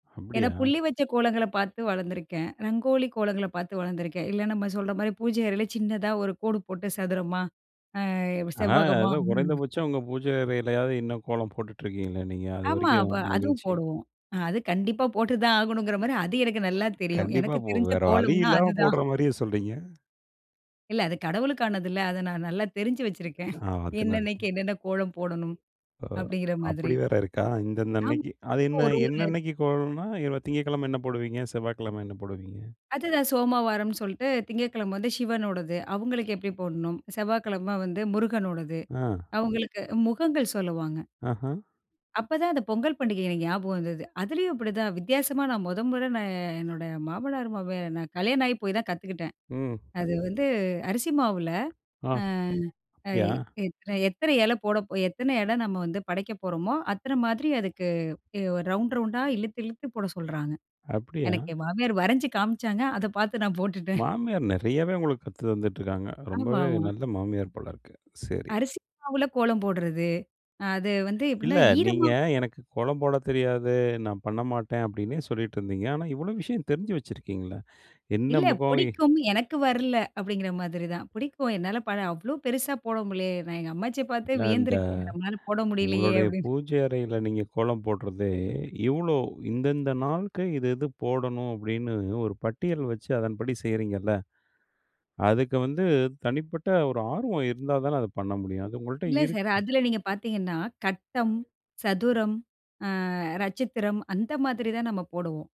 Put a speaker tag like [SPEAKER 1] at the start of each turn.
[SPEAKER 1] ஏன்னா
[SPEAKER 2] அப்பிடியா.
[SPEAKER 1] புள்ளி வச்ச கோலங்கள பாத்து வளர்ந்துருக்கேன். ரங்கோலி கோலங்கள பாத்து வளர்ந்துருக்கேன். இல்ல நம்ம சொல்றமாரி பூஜை அறையில சின்னதா ஒரு கோடு போட்டு சதுரமா, அ
[SPEAKER 2] ஆ,
[SPEAKER 1] செவ்வகமா.
[SPEAKER 2] ஏதோ
[SPEAKER 1] ம்.
[SPEAKER 2] குறைந்தபட்சம் உங்கள் பூஜையறையிலாவது இன்னும் கோலம் போட்டுட்டு இருக்கீங்களே! நீங்க அது
[SPEAKER 1] ஆமா. வ
[SPEAKER 2] வரைக்கும்
[SPEAKER 1] அதுவும்
[SPEAKER 2] மகிழ்ச்சி.
[SPEAKER 1] போடுவோம். அ அது கண்டிப்பா போட்டு தான் ஆகணுங்கிறமாரி அது எனக்கு நல்லா தெரியும்.
[SPEAKER 2] கண்டிப்பா
[SPEAKER 1] எனக்கு
[SPEAKER 2] இப்போ,
[SPEAKER 1] தெரிஞ்ச
[SPEAKER 2] வேற வழி
[SPEAKER 1] கோலம்னா
[SPEAKER 2] இல்லாம
[SPEAKER 1] அதுதான்.
[SPEAKER 2] போடுறமாரியே சொல்றீங்க.
[SPEAKER 1] இல்ல. அது கடவுளுக்கானது இல்ல. அதை நான் நல்லா தெரிஞ்சு வச்சிருக்கேன்.
[SPEAKER 2] ஆ
[SPEAKER 1] என்னென்னைக்கு
[SPEAKER 2] [unintelligible]
[SPEAKER 1] என்னென்ன கோலம் போடணும்
[SPEAKER 2] ஓ!
[SPEAKER 1] அப்பிடிங்கிற மாதிரி.
[SPEAKER 2] அப்பிடி வேற இருக்கா? இந்தந்த
[SPEAKER 1] ஆமா
[SPEAKER 2] அன்னக்கி. அது என்ன?
[SPEAKER 1] ஒரு,
[SPEAKER 2] என்ன,
[SPEAKER 1] ஒரு
[SPEAKER 2] என்னக்கி கோலன்னா [unintelligible] திங்கட்கிழமை என்ன போடுவீங்க? செவ்வாக்கிழம என்ன போடுவீங்க?
[SPEAKER 1] அதுதான். சோமவாரம்ன்னு சொல்ட்டு திங்கட்கிழமை வந்து சிவனோடது. அவுங்களுக்கு எப்பிடி போடணும்? செவ்வாய்க்கிழமை வந்து முருகனோடது.
[SPEAKER 2] அ.
[SPEAKER 1] அவுங்களுக்கு முகங்கள் சொல்லுவாங்க.
[SPEAKER 2] ஆஹா.
[SPEAKER 1] அப்பதான் அந்த பொங்கல் பண்டிகை எனக்கு ஞாபகம் வந்தது. அதுலேயும் அப்பிடிதான் வித்தியாசமா நான் முதல் முற நான் என்னோட மாமனார் மாமியார் நான் கல்யாணம் ஆகிப் போய் தான் கத்துக்கிட்டேன்.
[SPEAKER 2] ம்.
[SPEAKER 1] அது வந்து அரிசி மாவுல
[SPEAKER 2] ஆ,
[SPEAKER 1] ஆ, அ
[SPEAKER 2] அப்பிடியா?
[SPEAKER 1] எத் எத்தனை எத்தனை இலை போட, எத்தனை இலை நம்ம வந்து படைக்கப் போறோமோ! அத்தன மாதிரி அதுக்கு எ ரவுண்ட், ரவுண்டா இழுத்து, இழுத்து போட சொல்றாங்க.
[SPEAKER 2] அப்பிடியா!
[SPEAKER 1] எனக்கு என் மாமியார் வரஞ்சு காமிச்சாங்க. அத பார்த்து நான் போட்டுட்டேன்.
[SPEAKER 2] மாமியார் நிறையாவே உங்களுக்கு கத்து தந்துட்டு இருக்காங்க.
[SPEAKER 1] ஆமா,
[SPEAKER 2] ரொம்பவே
[SPEAKER 1] ஆமா.
[SPEAKER 2] நல்ல மாமியார் போல இருக்கு சரி.
[SPEAKER 1] அரிசி மாவுல கோலம் போடுறது. அ அது வந்து எப்பிடின்னா
[SPEAKER 2] இல்ல. நீங்க
[SPEAKER 1] ஈரமா [unintelligible]
[SPEAKER 2] எனக்கு கோலம் போட தெரியாது. நான் பண்ணமாட்டேன் அப்பிடின்னே சொல்லிட்டு இருந்தீங்க. ஆனா இவ்வளவு விஷயம் தெரிஞ்சு வச்சிருக்கீங்கள. என்ன
[SPEAKER 1] இல்ல
[SPEAKER 2] முகம், எ
[SPEAKER 1] பிடிக்கும். எனக்கு வரல. அப்பிடிங்கிற மாதிரி தான். பிடிக்கும் 'என்னால பல அவ்ளோ பெருசா போட முடியலயே! நான் எங்க அம்மாச்சிய பார்த்து
[SPEAKER 2] இல்ல. இந்த
[SPEAKER 1] வியந்திருக்கேன் 'நம்மளால போட முடியலயே!'
[SPEAKER 2] உங்களுடைய
[SPEAKER 1] அப்பிடின்னு.
[SPEAKER 2] பூஜை அறையில நீங்க கோலம் போடுறதே, இவ்ளோ இந்தந்த நாளுக்கு இது, இது போடணும் அப்பிடின்னு ஒரு பட்டியல் வச்சு அதன்படி செய்கிறீங்கள்ல. அதுக்கு வந்து தனிப்பட்ட ஒரு ஆர்வம் இருந்தா தானே அதை பண்ண முடியும். அது உங்கள்ட்ட
[SPEAKER 1] இல்ல சார்.
[SPEAKER 2] இருக்கு.
[SPEAKER 1] அதில நீங்க பார்த்தீங்கன்னா, கட்டம், சதுரம், அ நட்சத்திரம் அந்த மாதிரி தான் நம்ம போடுவோம்.